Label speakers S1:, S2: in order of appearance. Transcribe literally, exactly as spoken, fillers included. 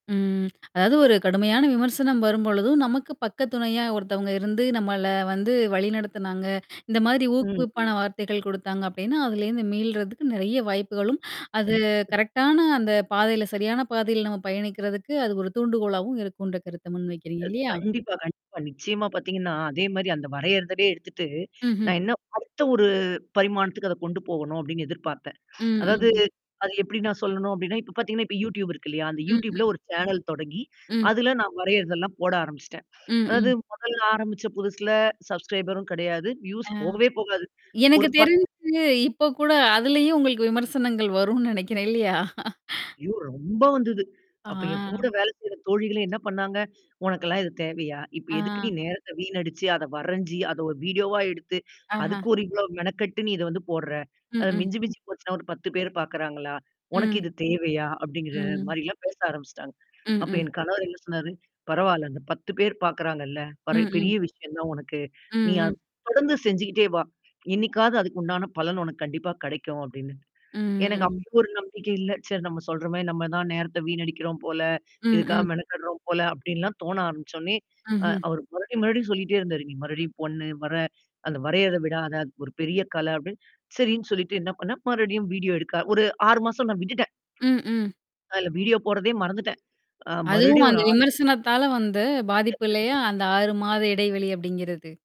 S1: ம். அதாவது ஒரு கடுமையான விமர்சனம் வரும்பொழுதும், நமக்கு பக்க துணையா ஒருத்தவங்க இருந்து நம்மள வந்து வழிநடத்துனாங்க. இந்த மாதிரி ஊக்குவிப்பான
S2: ம்.
S1: வார்த்தைகள் குடுத்தாங்க அப்படின்னா, அதுலருந்து மீள்றதுக்கு நெறைய வாய்ப்புகளும், அது
S2: ம்.
S1: கரெக்ட் -டான அந்த பாதையில சரியான பாதையில நம்ம பயணிக்கிறதுக்கு, அது ஒரு தூண்டுகோலாவும் இருக்குன்ற கருத்த முன் வைக்கிறீங்க இல்லையா?
S2: கண்டிப்பா, கண்டிப்பா. நிச்சயமா பாத்தீங்கன்னா, அதே மாரி அந்த வரையதுலே எடுத்துட்டு,
S1: ம்ஹ்ம்.
S2: நான் என்ன அடுத்த ஒரு பரிமாணத்துக்கு அத கொண்டு போகணும். அப்படின்னு எதிர்பார்த்தேன்.
S1: ம்,
S2: அதாவது
S1: ம்ம்.
S2: அது எப்படி நான் சொல்லணும் அப்டின்னா, இப்ப பாத்தீங்கன்னா, இப்ப YouTube இருக்கு இல்லையா? அந்த YouTube -ல
S1: ம்ஹ்ம்.
S2: ஒரு சேனல் தொடங்கி,
S1: ம்.
S2: அதுல நான் வரையறதெல்லாம் போட ஆரம்பிச்சுட்டேன்.
S1: ம்,
S2: அதாவது
S1: ம்.
S2: முதல்ல ஆரம்பிச்ச புதுசுல சப்ஸ்கரைபரும் கிடையாது. வியூஸ்
S1: ஆ.
S2: போகவே போகாது.
S1: எனக்கு
S2: ஒரு பத்து
S1: தெரிஞ்சு, இப்ப கூட அதுலயும் உங்களுக்கு விமர்சனங்கள் வரும்னு நினைக்கிறேன். இல்லையா?
S2: ஐயோ! ரொம்ப வந்தது. அப்ப என் கூட
S1: ஆ.
S2: வேலை செய்ற தோழிகளே என்ன பண்ணாங்க? உனக்கெல்லாம் இது தேவையா? இப்ப எதுக்கு நீ
S1: ஆ.
S2: நேரத்த வீணடிச்சு அத வரஞ்சு, அத ஒரு வீடியோ -வா எடுத்து
S1: ஆஹா.
S2: அதுக்கு ஒரு இவ்வளோ மெனக்கட்டு நீ இத வந்து போற்ற.
S1: ம்,
S2: அத
S1: ம்.
S2: மிஞ்சி, மிஞ்சி போச்சுன்னா ஒரு பத்து பேர் பார்க்குறாங்களா? உனக்கு
S1: ம்.
S2: இது தேவையா? அப்படிங்கிற
S1: ம்.
S2: மாரிலாம் பேச ஆரம்பிச்சுட்டாங்க.
S1: ம்,
S2: அப்ப
S1: ம்.
S2: என் கணவர் என்ன சொன்னாரு? "பரவால்ல அந்த பத்து பேர் பார்குறாங்கள்ல. பர
S1: ம், ம்.
S2: பெரிய விஷயம் தான் உனக்கு.
S1: ம்,
S2: நீ
S1: ம்.
S2: அத தொடர்ந்து செஞ்சுகிட்டே வா. என்னைக்காவது அதுக்கு உண்டான பலன் உனக்கு கண்டிப்பா கிடைக்கும்." அப்படின்னு.
S1: ம்ம்,
S2: எனக்கு
S1: ம்.
S2: அப்பவும் ஒரு நம்பிக்கை இல்ல. சரி நம்ம சொல்றமாரி நம்ம தான் நேரத்த வீணடிக்கிறோம் போல,
S1: ம்,
S2: இதுக்காக
S1: ம்.
S2: மெனக்கடுறோம் போல அப்படின்லாம் தோண ஆரம்பிச்சோனே, அ
S1: ம்ஹ்ம்.
S2: அவரு மறுபடியும், மறுபடியும் சொல்லிட்டே இருந்தாரு. "நீ மறுபடியும் பொண்ணு வர அந்த வரையத விடாதா அது ஒரு பெரிய கலை" அப்படின்னு. சரின்னு சொல்லிட்டு என்ன பண்ணேன் மறுபடியும் வீடியோ எடுக்க ஒரு ஆறு மாசம் நான் விட்டுட்டேன்.
S1: ம், ம்.
S2: அதுல வீடியோ போடுறதே மறந்துட்டேன். அ
S1: அதுவும்
S2: மறுபடியும்
S1: அந்த
S2: ஒரு ஆறு
S1: விமர்சனத்தால வந்த பாதிப்பு
S2: [unintelligible]
S1: இல்லையா? அந்த ஆறு மாத இடைவெளி அப்படிங்கிறது.